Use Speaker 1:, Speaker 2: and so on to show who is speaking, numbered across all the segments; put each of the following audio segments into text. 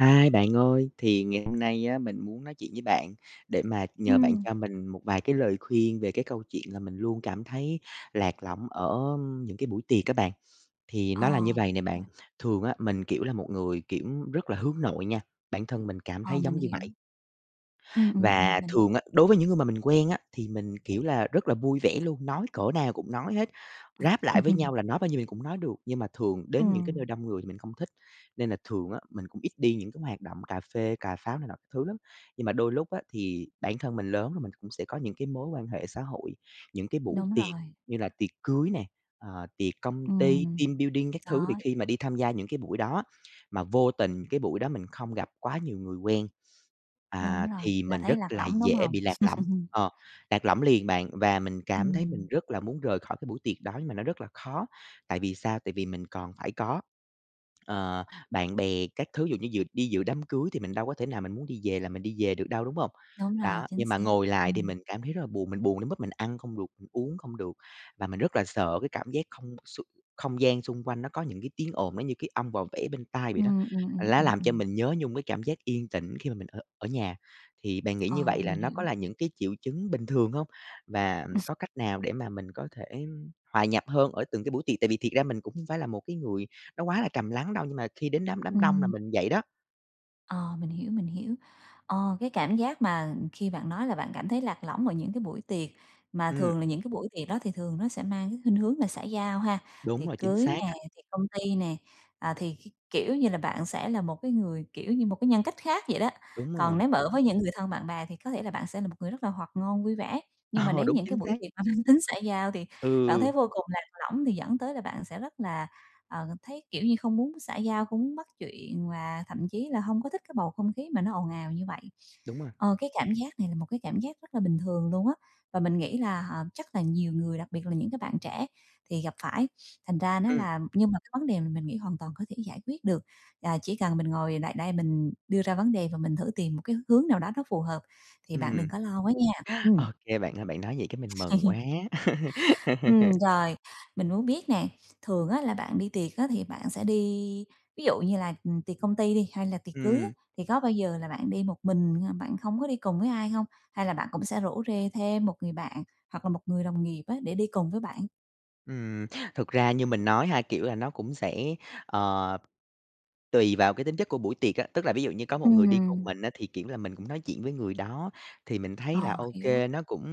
Speaker 1: Hi, bạn ơi, thì ngày hôm nay á mình muốn nói chuyện với bạn, để mà nhờ bạn
Speaker 2: Ừm.
Speaker 1: cho mình một vài cái lời khuyên về cái câu chuyện là mình luôn cảm thấy lạc lõng ở những cái buổi tiệc á bạn. Thì
Speaker 2: Ờ,
Speaker 1: nó là như vầy nè bạn,
Speaker 2: à.
Speaker 1: thường á mình, kiểu, là một người, kiểu, rất là hướng nội nha, bản thân mình cảm
Speaker 2: Ờ,
Speaker 1: thấy
Speaker 2: mình
Speaker 1: giống như
Speaker 2: hiểu.
Speaker 1: vậy.
Speaker 2: Ừm, ừm,
Speaker 1: Và
Speaker 2: ừm, mình hiểu
Speaker 1: thường á, đối với những người mà mình quen á, thì mình, kiểu là, rất là vui vẻ luôn, nói cỡ nào cũng nói hết, ráp lại với nhau là nói bao nhiêu thì cũng nói được. Nhưng mà thường đến những cái nơi
Speaker 2: Ừm.
Speaker 1: đông người mình không thích, nên là thường á mình cũng ít đi những cái hoạt động cà phê cà pháo này nọ các thứ lắm. Nhưng mà đôi lúc á, thì bản thân mình lớn rồi mình cũng sẽ có những cái mối quan hệ xã hội, những cái buổi
Speaker 2: Đúng
Speaker 1: tiệc
Speaker 2: rồi.
Speaker 1: như là tiệc cưới nè, ờ, tiệc công ty,
Speaker 2: Ừm,
Speaker 1: team building các thứ. Thì
Speaker 2: đó.
Speaker 1: khi mà đi tham gia những cái buổi đó, mà vô tình cái buổi đó mình không gặp quá nhiều người quen,
Speaker 2: Đúng
Speaker 1: à,
Speaker 2: rồi,
Speaker 1: thì
Speaker 2: là
Speaker 1: mình
Speaker 2: thấy
Speaker 1: rất
Speaker 2: lạc
Speaker 1: là
Speaker 2: lõng, đúng
Speaker 1: dễ
Speaker 2: hông?
Speaker 1: bị lạc lõng, ờ, lạc lõng liền bạn và mình cảm thấy mình
Speaker 2: Ừm.
Speaker 1: rất là muốn rời khỏi cái buổi tiệc đó nhưng mà nó rất là khó, tại vì sao, tại vì mình còn phải có, ờ, bạn bè các thứ. Ví dụ như dự đi dự đám cưới thì mình đâu có thể nào mình muốn đi về là mình đi về được đâu, đúng hông?
Speaker 2: Đúng rồi,
Speaker 1: Đó,
Speaker 2: chính
Speaker 1: nhưng mà
Speaker 2: xác.
Speaker 1: ngồi lại thì
Speaker 2: Ừm.
Speaker 1: mình cảm thấy rất là buồn, mình buồn đến mức mình ăn không được, mình uống không được, và mình rất là sợ cái cảm giác không xung không gian xung quanh nó có những cái tiếng ồn, nó như cái ong vò vẽ bên tai vậy đó.
Speaker 2: Ừm, ừm,
Speaker 1: Và
Speaker 2: ừm,
Speaker 1: lá
Speaker 2: ừm,
Speaker 1: làm cho
Speaker 2: ừm.
Speaker 1: mình nhớ nhung cái cảm giác yên tĩnh khi mà mình ở ở nhà. Thì bạn nghĩ như
Speaker 2: Ờ,
Speaker 1: vậy là
Speaker 2: mình
Speaker 1: nó
Speaker 2: hiểu.
Speaker 1: có là những cái triệu chứng bình thường hông? Và, ừm, có cách nào để mà mình có thể hòa nhập hơn ở từng cái buổi tiệc? Tại vì thiệt ra mình cũng hông phải là một cái người nó quá là trầm lắng đâu, nhưng mà khi đến đám đám đông là
Speaker 2: Ừm.
Speaker 1: mình vậy đó.
Speaker 2: Ờ, mình hiểu, mình hiểu. Ờ, cái cảm giác mà khi bạn nói là bạn cảm thấy lạc lõng ở những cái buổi tiệc, mà
Speaker 1: Ừm.
Speaker 2: thường là những cái buổi tiệc đó thì thường nó sẽ mang cái khuynh hướng là xã giao ha,
Speaker 1: Đúng
Speaker 2: tiệc
Speaker 1: rồi, chính
Speaker 2: cưới
Speaker 1: xác
Speaker 2: nè,
Speaker 1: á!
Speaker 2: tiệc công ty nè, à, thì kh kiểu như là, bạn sẽ là một cái người, kiểu, như một cái nhân cách khác vậy đó,
Speaker 1: Đúng
Speaker 2: còn
Speaker 1: rồi.
Speaker 2: nếu mà ở với những người thân, bạn bè thì có thể là bạn sẽ một người rất là hoạt ngôn, vui vẻ, nhưng mà
Speaker 1: Ờ,
Speaker 2: đến
Speaker 1: đúng
Speaker 2: những
Speaker 1: chính
Speaker 2: cái buổi
Speaker 1: xác!
Speaker 2: tiệc mà mang tính xã giao thì bạn
Speaker 1: Ừ.
Speaker 2: thấy vô cùng lạc lõng thì dẫn tới là bạn sẽ rất là, ờ, thấy, kiểu như, không muốn xã giao, không muốn bắt chuyện và thậm chí là hông có thích cái bầu không khí mà nó ồn ào như vậy.
Speaker 1: Đúng rồi.
Speaker 2: Ờ, cái cảm giác này là một cái cảm giác rất là bình thường luôn á, và mình nghĩ là, à, chắc là nhiều người, đặc biệt là những cái bạn trẻ thì gặp phải, thành ra nó
Speaker 1: Ừm.
Speaker 2: là nhưng mà cái vấn đề mà mình nghĩ hoàn toàn có thể giải quyết được, là chỉ cần mình ngồi lại đây mình đưa ra vấn đề và mình thử tìm một cái hướng nào đó nó phù hợp, thì bạn đừng
Speaker 1: Ừm.
Speaker 2: có lo quá nha.
Speaker 1: Ô
Speaker 2: Ừm.
Speaker 1: kê bạn ơi, bạn nói vậy cái mình mừng quá!
Speaker 2: Ừm, rồi. Mình muốn biết nè, thường á là bạn đi tiệc á thì bạn sẽ đi ví dụ như là, ừm, tiệc công ty đi hay là tiệc cưới á,
Speaker 1: Ừm.
Speaker 2: thì có bao giờ là bạn đi một mình hay là bạn không có đi cùng với ai hông? Hay là bạn cũng sẽ rủ rê thêm một người bạn hoặc là một người đồng nghiệp á, để đi cùng với bạn?
Speaker 1: Ừm, thực ra như mình nói ha, kiểu là, nó cũng sẽ, ờ, tùy vào cái tính chất của buổi tiệc á. Tức là ví dụ như có một người đi cùng
Speaker 2: Ừm.
Speaker 1: mình á, thì, kiểu là, mình cũng nói chuyện với người đó. Thì mình thấy là
Speaker 2: Ờ,
Speaker 1: ô
Speaker 2: hiểu.
Speaker 1: kê, nó cũng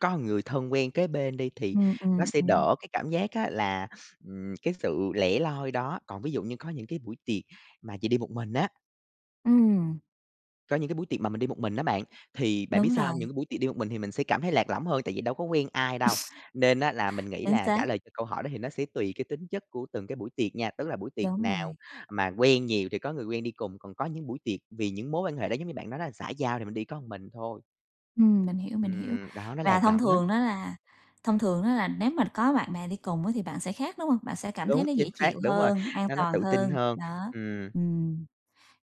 Speaker 1: có người thân quen kế bên đi, thì
Speaker 2: Ừm,
Speaker 1: nó
Speaker 2: ừm,
Speaker 1: sẽ
Speaker 2: ừm.
Speaker 1: đỡ cái cảm giác á là, ừm, cái sự lẻ loi đó, còn ví dụ như có những cái buổi tiệc mà chỉ đi một mình á
Speaker 2: Ừm.
Speaker 1: có những cái buổi tiệc mà mình đi một mình á bạn, thì bạn biết
Speaker 2: Đúng
Speaker 1: sao hông, những
Speaker 2: rồi.
Speaker 1: cái buổi tiệc đi một mình thì mình sẽ cảm thấy lạc lõng hơn, tại vì đâu có quen ai đâu. Nên á là mình nghĩ
Speaker 2: Chính
Speaker 1: là trả
Speaker 2: xác.
Speaker 1: lời cho câu hỏi đó, thì nó sẽ tùy cái tính chất của từng cái buổi tiệc nha. Tức là buổi tiệc
Speaker 2: Đúng
Speaker 1: nào
Speaker 2: rồi.
Speaker 1: mà quen nhiều thì có người quen đi cùng, còn có những buổi tiệc vì những mối quan hệ đó giống như bạn nói đó xã giao thì mình đi có mình thôi.
Speaker 2: Ừm, mình hiểu, mình hiểu.
Speaker 1: Ừm, đó, nó
Speaker 2: Và
Speaker 1: lạc
Speaker 2: thông
Speaker 1: lõng lắm.
Speaker 2: thường á là thông thường á là nếu mà có bạn bè đi cùng á thì bạn sẽ khác, đúng hông? Bạn sẽ cảm thấy
Speaker 1: Đúng,
Speaker 2: nó
Speaker 1: chính
Speaker 2: dễ
Speaker 1: xác,
Speaker 2: chịu
Speaker 1: đúng rồi,
Speaker 2: hơn, an
Speaker 1: nó nó
Speaker 2: toàn
Speaker 1: tự tin
Speaker 2: hơn.
Speaker 1: hơn.
Speaker 2: Đó,
Speaker 1: Ừm.
Speaker 2: ừm.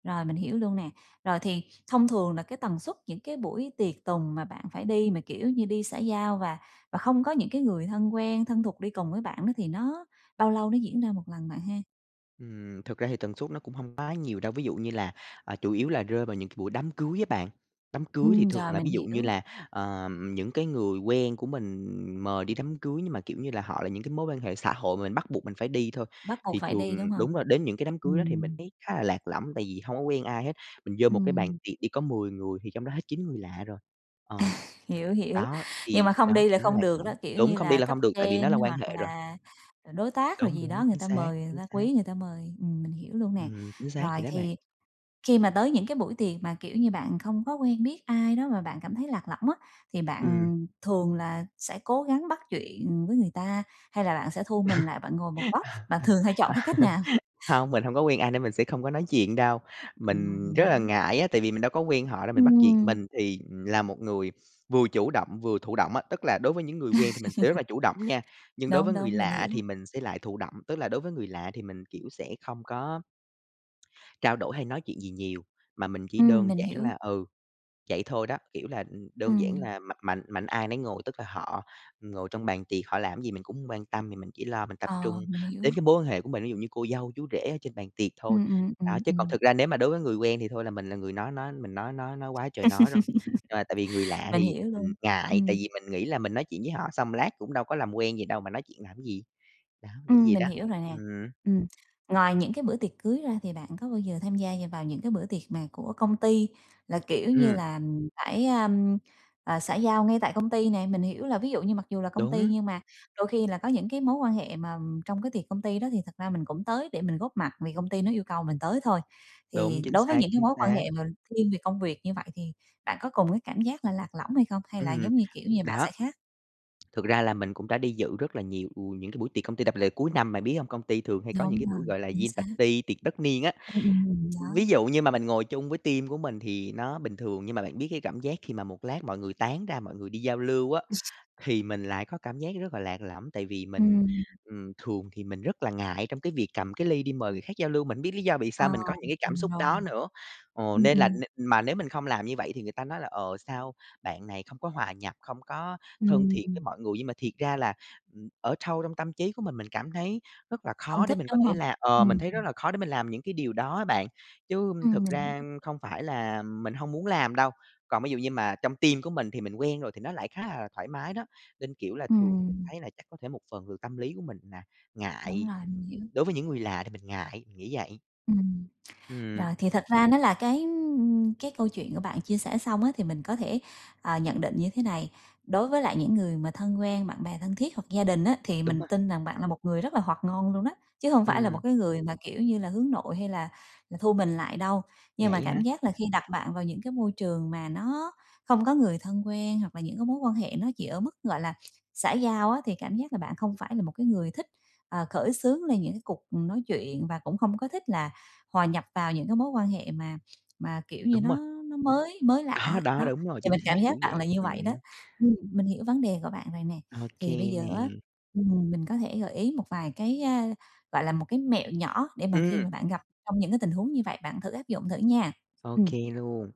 Speaker 2: Rồi, mình hiểu luôn nè. Rồi thì thông thường là cái tần suất những cái buổi tiệc tùng mà bạn phải đi mà, kiểu, như đi xã giao và và không có những cái người thân quen, thân thuộc đi cùng với bạn đó, thì nó bao lâu nó diễn ra 1 lần bạn ha?
Speaker 1: Ừm, thực ra thì tần suất nó cũng hông quá nhiều đâu, ví dụ như là, ờ, chủ yếu là rơi vào những cái buổi đám cưới á bạn, đám cưới thì
Speaker 2: Ừm,
Speaker 1: thường
Speaker 2: rồi
Speaker 1: là
Speaker 2: mình
Speaker 1: ví dụ như
Speaker 2: hiểu.
Speaker 1: là, ờm, những cái người quen của mình mời đi đám cưới nhưng mà, kiểu như là, họ là những cái mối quan hệ xã hội mà mình bắt buộc mình phải đi thôi.
Speaker 2: Bắt buộc
Speaker 1: Thì
Speaker 2: phải
Speaker 1: thường
Speaker 2: đi, đúng hông?
Speaker 1: đúng rồi đến những cái đám cưới đó thì mình
Speaker 2: Ừm.
Speaker 1: thấy khá là lạc lõng, tại vì hông có quen ai hết, mình vô một cái bàn
Speaker 2: Ừm.
Speaker 1: tiệc đi có 10 người thì trong đó hết 9 người lạ rồi, ờ,
Speaker 2: Hiểu hiểu,
Speaker 1: đó,
Speaker 2: nhưng
Speaker 1: thì
Speaker 2: mà không
Speaker 1: đó
Speaker 2: đi là
Speaker 1: nó
Speaker 2: không
Speaker 1: lạc
Speaker 2: được
Speaker 1: lõng
Speaker 2: đó, kiểu
Speaker 1: đúng
Speaker 2: như
Speaker 1: không đi
Speaker 2: là
Speaker 1: là
Speaker 2: cấp
Speaker 1: không được tại vì
Speaker 2: trên
Speaker 1: nó là quan
Speaker 2: hoặc
Speaker 1: hệ rồi.
Speaker 2: là, ừm, đối tác rồi
Speaker 1: Đúng,
Speaker 2: gì đó
Speaker 1: đúng,
Speaker 2: người
Speaker 1: chính
Speaker 2: ta
Speaker 1: xác,
Speaker 2: mời, người
Speaker 1: chính
Speaker 2: ta
Speaker 1: xác.
Speaker 2: quý người ta mời, ừm, mình hiểu luôn nè.
Speaker 1: Ừm, chính xác
Speaker 2: Rồi
Speaker 1: vậy đó bạn.
Speaker 2: thì khi mà tới những cái buổi tiệc mà, kiểu như, bạn không có quen biết ai đó mà bạn cảm thấy lạc lõng á, thì
Speaker 1: Ừm.
Speaker 2: bạn thường là sẽ cố gắng bắt chuyện với người ta, hay là bạn sẽ thu mình lại, bạn ngồi một góc, bạn thường hay chọn cái cách nào?
Speaker 1: Hông, mình hông có quen ai nên mình sẽ không có nói chuyện đâu,
Speaker 2: Ừm,
Speaker 1: mình
Speaker 2: mình
Speaker 1: rất là
Speaker 2: hiểu.
Speaker 1: ngại á, tại vì mình đâu có quen họ đâu mình bắt chuyện.
Speaker 2: Ừm.
Speaker 1: Mình thì, ừm, là một người vừa chủ động, vừa thụ động á, tức là đối với những người quen thì mình sẽ rất là chủ động nha, nhưng đối
Speaker 2: Đúng,
Speaker 1: với người
Speaker 2: đúng, mình
Speaker 1: lạ
Speaker 2: hiểu.
Speaker 1: thì mình sẽ lại thụ động. Tức là đối với người lạ thì mình, kiểu, sẽ không có trao đổi hay nói chuyện gì nhiều, mà mình chỉ
Speaker 2: Ừm,
Speaker 1: đơn
Speaker 2: mình
Speaker 1: giản
Speaker 2: hiểu.
Speaker 1: là ừ, vậy thôi đó, kiểu là, ừm, đơn giản
Speaker 2: Ừm.
Speaker 1: là mạnh mạnh mạnh ai nấy ngồi. Tức là họ ngồi trong bàn tiệc, họ làm gì mình cũng hông quan tâm, thì mình chỉ lo mình tập trung
Speaker 2: Ờ, mình
Speaker 1: đến
Speaker 2: hiểu.
Speaker 1: cái mối quan hệ của mình, ví dụ như cô dâu, chú rể ở trên bàn tiệc thôi.
Speaker 2: Ừm, ừm,
Speaker 1: Đó,
Speaker 2: ừm,
Speaker 1: chứ còn
Speaker 2: ừm.
Speaker 1: thực ra nếu mà đối với người quen thì thôi là mình là người nói nói mình nói nói nói quá trời nói rồi, ờ, tại vì người lạ
Speaker 2: Mình
Speaker 1: thì,
Speaker 2: hiểu
Speaker 1: ừm,
Speaker 2: luôn,
Speaker 1: ngại tại
Speaker 2: ừm.
Speaker 1: vì mình nghĩ là mình nói chuyện với họ xong lát cũng đâu có làm quen gì đâu mà nói chuyện làm gì, đó, nghĩ
Speaker 2: Ừm,
Speaker 1: vậy
Speaker 2: mình
Speaker 1: đó,
Speaker 2: hiểu rồi nè.
Speaker 1: ừm.
Speaker 2: Ừm, ngoài những cái bữa tiệc cưới ra thì bạn có bao giờ tham gia như vào những cái bữa tiệc mà của công ty là, kiểu như
Speaker 1: Ừm.
Speaker 2: là, ưm, phải, a, ưm, à, xã giao ngay tại công ty nè? Mình hiểu là ví dụ như mặc dù là công ty,
Speaker 1: Đúng.
Speaker 2: nhưng mà đôi khi là có những cái mối quan hệ mà trong cái tiệc công ty đó thì thật ra mình cũng tới để mình góp mặt vì công ty nó yêu cầu mình tới thôi,
Speaker 1: Đúng,
Speaker 2: thì
Speaker 1: chính
Speaker 2: đối với
Speaker 1: xác,
Speaker 2: những cái
Speaker 1: chính
Speaker 2: mối quan
Speaker 1: xác.
Speaker 2: hệ mà thiên về công việc như vậy thì bạn có cùng cái cảm giác là lạc lõng hay không, hay là
Speaker 1: Ừm,
Speaker 2: giống như, kiểu như, bạn
Speaker 1: đó.
Speaker 2: sẽ khác?
Speaker 1: Thực ra là mình cũng đã đi dự rất là nhiều, ừ, những cái buổi tiệc công ty đặc biệt cuối năm, bạn biết hông, công ty thường hay có những
Speaker 2: Đúng
Speaker 1: cái buổi,
Speaker 2: rồi,
Speaker 1: gọi là, diê
Speaker 2: chính
Speaker 1: e bạt
Speaker 2: xác.
Speaker 1: ty, tiệc tất niên á,
Speaker 2: Ưm, ừm,
Speaker 1: ví
Speaker 2: đó.
Speaker 1: dụ như mà mình ngồi chung với team của mình thì nó bình thường nhưng mà bạn biết cái cảm giác khi mà một lát mọi người tán ra mọi người đi giao lưu á, thì mình lại có cảm giác rất là lạc lõng. Tại vì mình,
Speaker 2: Ừm.
Speaker 1: ừm, thường thì mình rất là ngại trong cái việc cầm cái ly đi mời người khác giao lưu, mình hông biết lý do vì
Speaker 2: À,
Speaker 1: sao mình có những cái cảm
Speaker 2: từng
Speaker 1: xúc
Speaker 2: rồi.
Speaker 1: đó nữa? Ờ,
Speaker 2: Ừm,
Speaker 1: nên là
Speaker 2: ừm.
Speaker 1: n mà nếu mình không làm như vậy thì người ta nói là "Ờ, sao bạn này không có hòa nhập, không có thân thiện với
Speaker 2: Ừm.
Speaker 1: mọi người?" Nhưng mà thiệt ra là, ừm, ở sâu trong tâm trí của mình mình cảm thấy rất là
Speaker 2: Không
Speaker 1: khó để
Speaker 2: thích,
Speaker 1: mình có
Speaker 2: đúng
Speaker 1: thể
Speaker 2: hông?
Speaker 1: là ờ, mình
Speaker 2: Ừm.
Speaker 1: thấy rất là khó để mình làm những cái điều đó bạn, chứ
Speaker 2: Ừm,
Speaker 1: thực
Speaker 2: mình
Speaker 1: ra,
Speaker 2: hiểu.
Speaker 1: ưm, không phải là, ừm, mình hông muốn làm đâu. Còn ví dụ như mà trong team của mình thì mình quen rồi thì nó lại khá là thoải mái đó, nên, kiểu, là thường thì mình
Speaker 2: Ừm.
Speaker 1: thấy là chắc có thể một phần từ tâm lý của mình là
Speaker 2: Đúng
Speaker 1: ngại,
Speaker 2: rồi, mình hiểu.
Speaker 1: đối với những người lạ thì mình ngại, nghĩ vậy.
Speaker 2: Ừm.
Speaker 1: Ừm.
Speaker 2: Rồi, thì thật ra nó là cái, ưm, cái câu chuyện của bạn chia sẻ xong á thì mình có thể, ờ, nhận định như thế này, đối với lại những người mà thân quen, bạn bè thân thiết hoặc gia đình á, thì
Speaker 1: Đúng
Speaker 2: mình
Speaker 1: rồi.
Speaker 2: tin rằng bạn là một người rất là hoạt ngôn luôn á, chứ hông phải là
Speaker 1: Ừm.
Speaker 2: một cái người mà, kiểu như là, hướng nội hay là là thu mình lại đâu. Nhưng mà
Speaker 1: Vậy hả?
Speaker 2: cảm giác là khi đặt bạn vào những cái môi trường mà nó không có người thân quen hoặc là những cái mối quan hệ nó chỉ ở mức, gọi là, xã giao á, thì cảm giác là bạn không phải là một cái người thích, ờ, khởi xướng lên những cái cuộc nói chuyện và cũng không có thích là hòa nhập vào những cái mối quan hệ mà mà, kiểu như,
Speaker 1: Đúng
Speaker 2: nó
Speaker 1: rồi.
Speaker 2: nó mới mới lạ
Speaker 1: Đó
Speaker 2: á,
Speaker 1: đó
Speaker 2: đó,
Speaker 1: đúng rồi
Speaker 2: thì
Speaker 1: chính
Speaker 2: mình
Speaker 1: xác,
Speaker 2: cảm
Speaker 1: kiểu
Speaker 2: giác bạn
Speaker 1: vậy,
Speaker 2: là như vậy đó.
Speaker 1: ừm.
Speaker 2: Ừm, mình hiểu vấn đề của bạn rồi nè,
Speaker 1: OK
Speaker 2: thì bây giờ á,
Speaker 1: nè.
Speaker 2: ừm, mình có thể gợi ý một vài cái, a, gọi là, một cái mẹo nhỏ để mà khi
Speaker 1: Ừm.
Speaker 2: mà bạn gặp trong những cái tình huống như vậy bạn thử áp dụng thử nha.
Speaker 1: OK
Speaker 2: Ừm.
Speaker 1: luôn.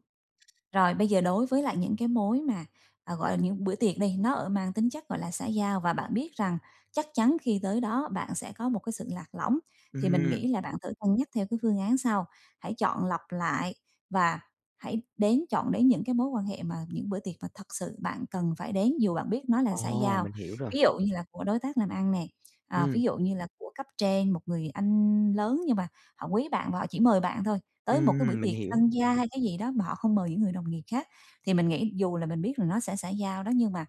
Speaker 2: Rồi, bây giờ đối với lại những cái mối mà, à, gọi là, những bữa tiệc đi, nó, ở, mang tính chất, gọi là, xã giao và bạn biết rằng chắc chắn khi tới đó bạn sẽ có một cái sự lạc lõng, thì mình
Speaker 1: Ừm.
Speaker 2: nghĩ là bạn thử cân nhắc theo cái phương án sau, hãy chọn lọc lại và hãy đến chọn đến những cái mối quan hệ mà những bữa tiệc mà thật sự bạn cần phải đến dù bạn biết nó là xã
Speaker 1: Ồ,
Speaker 2: giao.
Speaker 1: mình hiểu rồi.
Speaker 2: Ví dụ như là của đối tác làm ăn nè, ờ,
Speaker 1: Ừm.
Speaker 2: ví dụ như là của cấp trên, một người anh lớn nhưng mà họ quý bạn và họ chỉ mời bạn thôi, tới một cái buổi
Speaker 1: Ừm, mình
Speaker 2: tiệc
Speaker 1: hiểu.
Speaker 2: tân gia hay cái gì đó mà họ không mời những người đồng nghiệp khác, thì mình nghĩ dù là mình biết là nó sẽ xã giao đó nhưng mà,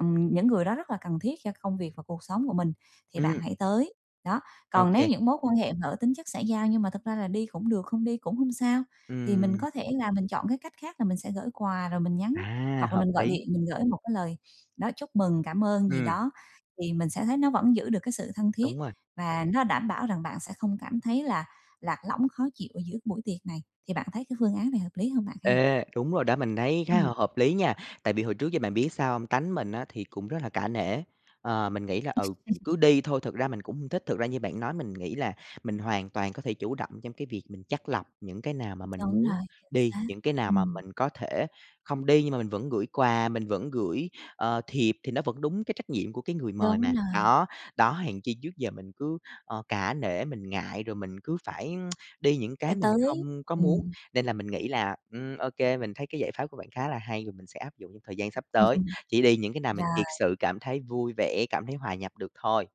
Speaker 2: ừm, những người đó rất là cần thiết cho công việc và cuộc sống của mình thì bạn
Speaker 1: Ừm.
Speaker 2: hãy tới, đó. Còn nếu
Speaker 1: OK.
Speaker 2: những mối quan hệ mà ở tính chất xã giao nhưng mà thực ra là đi cũng được, không đi cũng hông sao, thì mình
Speaker 1: Ừm.
Speaker 2: có thể là mình chọn cái cách khác là mình sẽ gửi quà rồi mình nhắn
Speaker 1: À,
Speaker 2: hoặc là
Speaker 1: hợp
Speaker 2: mình gọi
Speaker 1: lý.
Speaker 2: điện mình gửi một cái lời, đó, chúc mừng, cảm ơn gì
Speaker 1: Ừm.
Speaker 2: đó, thì mình sẽ thấy nó vẫn giữ được cái sự thân thiết
Speaker 1: Đúng rồi.
Speaker 2: và nó đảm bảo rằng bạn sẽ không cảm thấy là lạc lõng, khó chịu ở giữa buổi tiệc này. Thì bạn thấy cái phương án này hợp lý hông bạn ha?
Speaker 1: Ê, đúng rồi đó mình thấy khá h
Speaker 2: Ừm.
Speaker 1: hợp lý nha, tại vì hồi trước giờ bạn biết sao hông? Tánh mình á thì cũng rất là cả nể, ờ, mình nghĩ là, ừ, cứ đi thôi, thực ra mình cũng hông thích. Thực ra như bạn nói mình nghĩ là mình hoàn toàn có thể chủ động trong cái việc mình chắt lọc những cái nào mà mình
Speaker 2: Đúng
Speaker 1: muốn
Speaker 2: rồi,
Speaker 1: đi,
Speaker 2: xác,
Speaker 1: những cái nào mà
Speaker 2: ừm.
Speaker 1: mình có thể không đi nhưng mà mình vẫn gửi quà, mình vẫn gửi, ờ, thiệp thì nó vẫn đúng cái trách nhiệm của cái người mời
Speaker 2: Đúng
Speaker 1: mà.
Speaker 2: rồi.
Speaker 1: Đó, đó, hèn chi trước giờ mình cứ, ờ, cả nể mình ngại, rồi mình cứ phải đi những
Speaker 2: Phải
Speaker 1: cái mình
Speaker 2: tới,
Speaker 1: không có muốn,
Speaker 2: ừm.
Speaker 1: nên là mình nghĩ là, ừm, ô kê mình thấy cái giải pháp của bạn khá là hay rồi mình sẽ áp dụng trong thời gian sắp tới, chỉ đi những cái nào mình
Speaker 2: Rồi.
Speaker 1: thiệt sự cảm thấy vui vẻ, cảm thấy hòa nhập được thôi.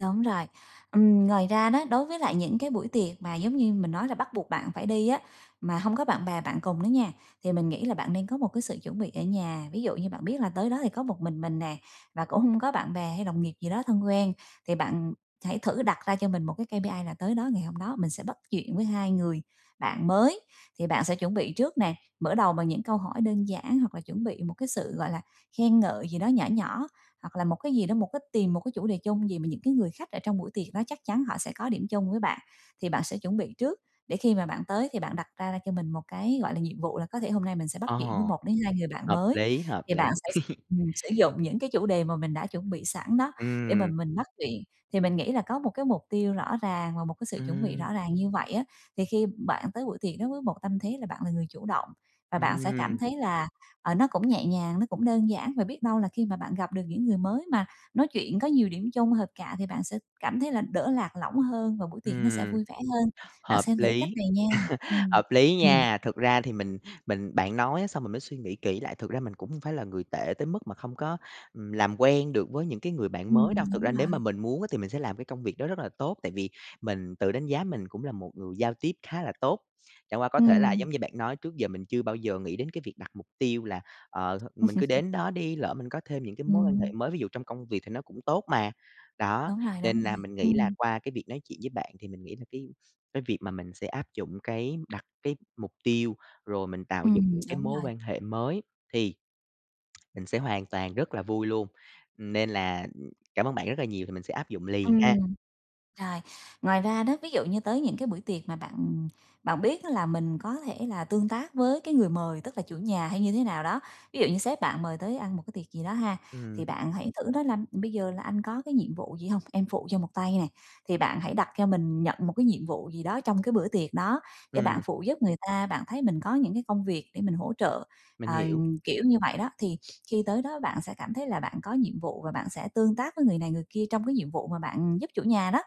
Speaker 2: Đúng rồi. Ừm, ngoài ra đó, đối với lại những cái buổi tiệc mà giống như mình nói là bắt buộc bạn phải đi á, mà hông có bạn bè bạn cùng đó nha, thì mình nghĩ là bạn nên có một cái sự chuẩn bị ở nhà. Ví dụ như bạn biết là tới đó thì có một mình mình nè, và cũng hông có bạn bè hay đồng nghiệp gì đó thân quen. Thì bạn, ừm, hãy thử đặt ra cho mình một cái KPI là tới đó ngày hôm đó mình sẽ bắt chuyện với 2 người bạn mới. Thì bạn sẽ chuẩn bị trước nè. Mở đầu bằng những câu hỏi đơn giản hoặc là chuẩn bị một cái sự, gọi là, khen ngợi gì đó nhỏ nhỏ. Hoặc là một cái gì đó, một cái tìm một cái chủ đề chung gì mà những cái người khách ở trong buổi tiệc đó chắc chắn họ sẽ có điểm chung với bạn. Thì bạn sẽ chuẩn bị trước để khi mà bạn tới, thì bạn đặt ra cho mình một cái, gọi là, nhiệm vụ là có thể hôm nay mình sẽ bắt chuyện với
Speaker 1: Ồ!
Speaker 2: 1 đến 2 người bạn
Speaker 1: Hợp
Speaker 2: mới.
Speaker 1: lý, hợp
Speaker 2: Thì bạn
Speaker 1: lý.
Speaker 2: sẽ ừm, sử dụng những cái chủ đề mà mình đã chuẩn bị sẵn đó để mà
Speaker 1: Ừm.
Speaker 2: mình bắt chuyện. Thì mình nghĩ là có một cái mục tiêu rõ ràng và một cái sự chuẩn bị
Speaker 1: Ừm.
Speaker 2: rõ ràng như vậy á, thì khi bạn tới buổi tiệc đối với một tâm thế là bạn là người chủ động. Và bạn sẽ cảm
Speaker 1: Ừm.
Speaker 2: thấy là, ờ, nó cũng nhẹ nhàng, nó cũng đơn giản. Và biết đâu là khi mà bạn gặp được những người mới mà nói chuyện có nhiều điểm chung hợp cạ, thì bạn sẽ cảm thấy là đỡ lạc lõng hơn và buổi tiệc nó sẽ
Speaker 1: Ừm,
Speaker 2: vui vẻ hơn. Bạn
Speaker 1: hợp
Speaker 2: xem thử cách
Speaker 1: lý,
Speaker 2: này nha. Ừm,
Speaker 1: hợp lý
Speaker 2: ừm.
Speaker 1: nha. Thực ra thì mình mình bạn nói á, xong mình mới suy nghĩ kỹ lại. Thực ra mình cũng hông phải là người tệ tới mức mà không có, ừm, làm quen được với những cái người bạn mới
Speaker 2: Ừm,
Speaker 1: đâu. Thực ra
Speaker 2: đúng
Speaker 1: nếu mà
Speaker 2: rồi.
Speaker 1: mình muốn á, thì mình sẽ làm cái công việc đó rất là tốt. Tại vì mình tự đánh giá mình cũng là một người giao tiếp khá là tốt. Chẳng qua có thể là
Speaker 2: Ừm.
Speaker 1: giống như bạn nói, trước giờ mình chưa bao giờ nghĩ đến cái việc đặt mục tiêu là, ờ, th mình cứ đến đó đi, lỡ mình có thêm những cái mối quan hệ
Speaker 2: Ừm.
Speaker 1: mới, ví dụ trong công việc thì nó cũng tốt mà. Đó,
Speaker 2: Đúng rồi, đúng
Speaker 1: nên
Speaker 2: rồi.
Speaker 1: là mình nghĩ là
Speaker 2: Ừm.
Speaker 1: qua cái việc nói chuyện với bạn thì mình nghĩ là cái cái việc mà mình sẽ áp dụng cái đặt cái mục tiêu, rồi mình tạo dựng
Speaker 2: Ừm,
Speaker 1: những cái
Speaker 2: đúng
Speaker 1: mối
Speaker 2: rồi.
Speaker 1: quan hệ mới thì mình sẽ hoàn toàn rất là vui luôn. Nên là, ừm, cảm ơn bạn rất là nhiều, thì mình sẽ áp dụng liền ha.
Speaker 2: Ừm. Rồi, ngoài ra đó, ví dụ như tới những cái buổi tiệc mà bạn, ừm, bạn biết á, là mình có thể là tương tác với cái người mời, tức là chủ nhà hay như thế nào đó. Ví dụ như sếp bạn mời tới ăn một cái tiệc gì đó ha,
Speaker 1: Ừm.
Speaker 2: thì bạn hãy thử nói là: "Bây giờ là anh có cái nhiệm vụ gì hông, em phụ cho một tay nè." Thì bạn hãy đặt cho mình nhận một cái nhiệm vụ gì đó trong cái bữa tiệc đó để bạn
Speaker 1: Ừm.
Speaker 2: phụ giúp người ta, bạn thấy mình có những cái công việc để mình hỗ trợ,
Speaker 1: Mình
Speaker 2: ờ,
Speaker 1: hiểu.
Speaker 2: kiểu như vậy đó. Thì khi tới đó bạn sẽ cảm thấy là bạn có nhiệm vụ và bạn sẽ tương tác với người này người kia trong cái nhiệm vụ mà bạn, ừm, giúp chủ nhà đó.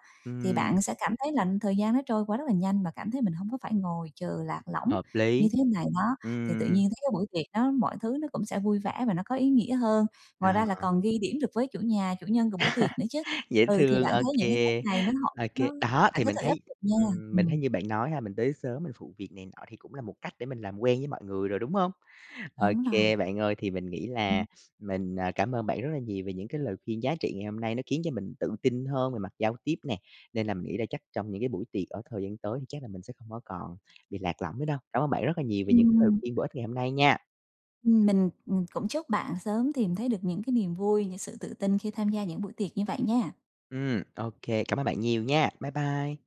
Speaker 2: Thì
Speaker 1: Ừm.
Speaker 2: bạn sẽ cảm thấy là thời gian nó trôi qua rất là nhanh và cảm thấy mình hông có phải ngồi chờ lạc lõng
Speaker 1: Hợp
Speaker 2: như
Speaker 1: lý!
Speaker 2: thế này, đó. Thì tự
Speaker 1: Ừm.
Speaker 2: nhiên thấy cái buổi tiệc đó mọi thứ nó cũng sẽ vui vẻ và nó có ý nghĩa hơn. Ngoài ra là
Speaker 1: À.
Speaker 2: còn ghi điểm được với chủ nhà, chủ nhân của bữa tiệc nữa chứ.
Speaker 1: Dễ
Speaker 2: Ừ, thì
Speaker 1: thương.
Speaker 2: bạn
Speaker 1: OK,
Speaker 2: thấy những cái cách này nó hợp
Speaker 1: OK.
Speaker 2: nó
Speaker 1: Đó,
Speaker 2: bạn
Speaker 1: thì
Speaker 2: cứ
Speaker 1: mình
Speaker 2: thể áp
Speaker 1: thấy
Speaker 2: dụng nha!
Speaker 1: ừm, mình thấy
Speaker 2: Ừm.
Speaker 1: như bạn nói ha, mình tới sớm mình phụ việc này nọ thì cũng là một cách để mình làm quen với mọi người rồi, đúng hông?
Speaker 2: Đúng rồi.
Speaker 1: OK, bạn ơi. Thì mình nghĩ
Speaker 2: Ừm.
Speaker 1: là mình, ờ, cảm ơn bạn rất là nhiều về những cái lời khuyên giá trị ngày hôm nay. Nó khiến cho mình tự tin hơn về mặt giao tiếp nè. Nên là mình nghĩ là chắc trong những cái buổi tiệc ở thời gian tới thì chắc là mình sẽ không có còn bị lạc lõng nữa đâu. Cảm ơn bạn rất là nhiều về những cái lời
Speaker 2: Ừm.
Speaker 1: khuyên bổ ích ngày hôm nay nha!
Speaker 2: Ừm, mình, ừm, cũng chúc bạn sớm tìm thấy được những cái niềm vui, những sự tự tin khi tham gia những buổi tiệc như vậy nha!
Speaker 1: Ừm, OK. Cảm ơn bạn nhiều nha! Bye bye.